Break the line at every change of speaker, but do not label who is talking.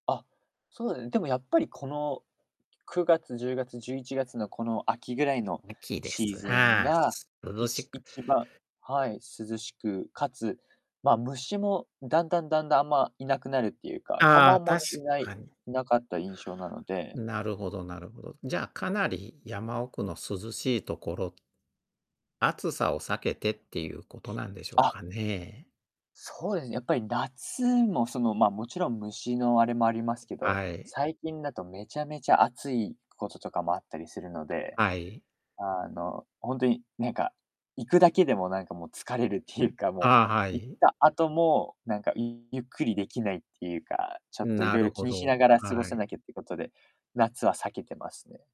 あ、そうね、でもやっぱり、この9月、10月、11月のこの秋ぐらいの
ラッキーで
シー
す。
ズン
はあ。
が、
涼
い
し
ち
く
一番はい、涼しく、かつ、ま、虫もだんだんだんだん、あんまいなくなるっていうか、蚊も
あ
あ
あ、
んま
確
ね、いな
か
い
に。
いなかった印象なので。
なるほどなるほど。じゃあ、かなり山奥の涼しいところ暑さを避けてっていうことなんでしょう
あ。
かね？
そうですね、やっぱり夏も、その、まあ、もちろん虫のあれもありますけど、
はい。
最近だとめちゃめちゃ暑いこととかもあったりするので、
はい。
あの、ほんとに、なんか、行くだけでも、なんか、もう、疲れるっていうか、も
ああ、は
う、行っ
い。
た後も、なんか、ういゆっくりできないっていうか、ちょっ
ん、
とい
な
ろい
る
ろ気
ほ
にしな
ど。
がら過ご
は
さ
い。
なきゃってことで、夏は避けてますね。